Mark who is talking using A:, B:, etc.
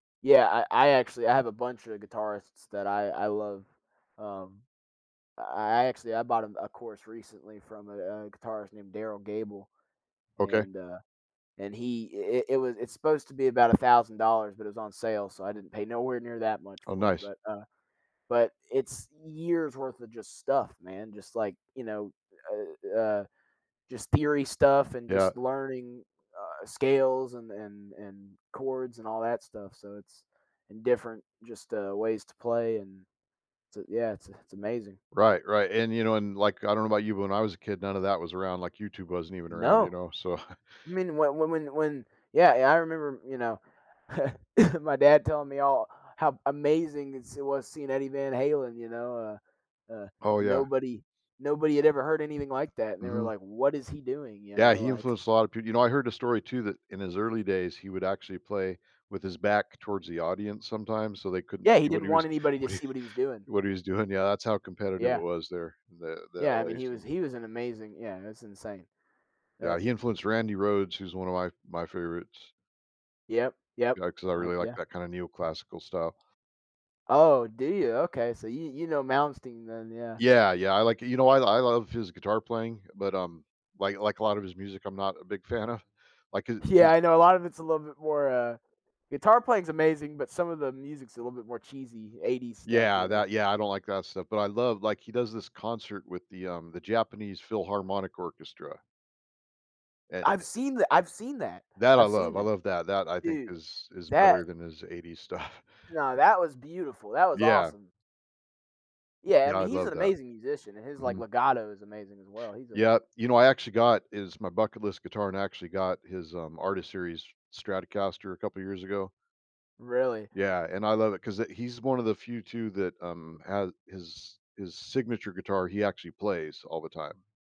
A: Yeah, I I actually I have a bunch of guitarists that I I love. Um, I actually I bought, um, a course recently from a a guitarist named Derryl Gabel,
B: Okay.
A: and, uh and he i i it was it's supposed to be about $1,000, but it was on sale, so I didn't pay nowhere near that much
B: Oh,
A: for it,
B: nice.
A: but, uh but it's years worth of just stuff, man, just like, you know, uh, uh, just theory stuff, and
B: Yeah.
A: just learning, uh, scales an and and chords and all that stuff, so it's in different just, uh, ways to play and so, yeah, it's a it's amazing.
B: Right, right, and, you know and like, I don't know about you, when I was a kid, none of that was around, like YouTube wasn't even around, you
A: No.
B: know, so
A: I mean, whe when when when yeah yeah, I remember, you know, my dad telling me all how amazing is it was seeing Eddie Van Halen, you know, uh, uh,
B: Oh, yeah.
A: nobody nobody had ever heard anything like that, and they were
B: Mhm.
A: like, "What is he doing?" you
B: Yeah,
A: know,
B: he
A: like
B: influenced a lot of peop you know, I heard a story too, that in his early days, he would actually play with his back towards the audience sometimes so they couldn't
A: Yeah, he
B: see what
A: didn't
B: he
A: want
B: was
A: anybody to
B: what he
A: see what he was doing.
B: what he was doing, yeah, that's how competitive it
A: Yeah.
B: was there, the the
A: Yeah, I mean,
B: LA
A: he was
B: scene.
A: he was an amazing yeah, that's insane.
B: Yeah,
A: That
B: he influenced
A: [unintelligible]
B: Randy Rhoads, who's one of my my favorites.
A: Yep, yep.
B: Yeah, 'cause I
A: I
B: really like
A: yeah.
B: that kind of neoclassical style.
A: Oh, do you? Okay, so you you know Malmsteen then, yeah.
B: Yeah, yeah, I like it you know what? I lo love his guitar playing, but, um, like like a lot of his music, I'm not a big fan of, like, his
A: Yeah,
B: his
A: I know, a lot of it's a little bit more, uh guitar playing's amazing, but some of the music's a little bit more cheesy, 80s stuff, you
B: Yeah,
A: know?
B: that yeah, I don't like that stuff, but I love like, he does this concert with the, um, the Japanese Philharmonic Orchestra and,
A: I've
B: eh
A: seen tha I've seen that.
B: That, I
A: I've seen
B: love. I
A: that.
B: love that. That, I think,
A: Dude,
B: is is
A: that
B: better than his 80s stuff.
A: No, that was beautiful, that was
B: Yeah.
A: awesome. Yeah, I
B: Yeah, I
A: mean, he's
B: love
A: an
B: that.
A: amazing musician, his, like,
B: Mhm.
A: legato is amazing as well. He's a
B: Yep. You know, I actually got his my bucket list guitar and actually got his, um, artist series Stratocaster a couple of years ago.
A: Really?
B: Yeah, and I love it 'cause it he's one of the few too that, um, ha his his signature guitar, he actually plays all the time.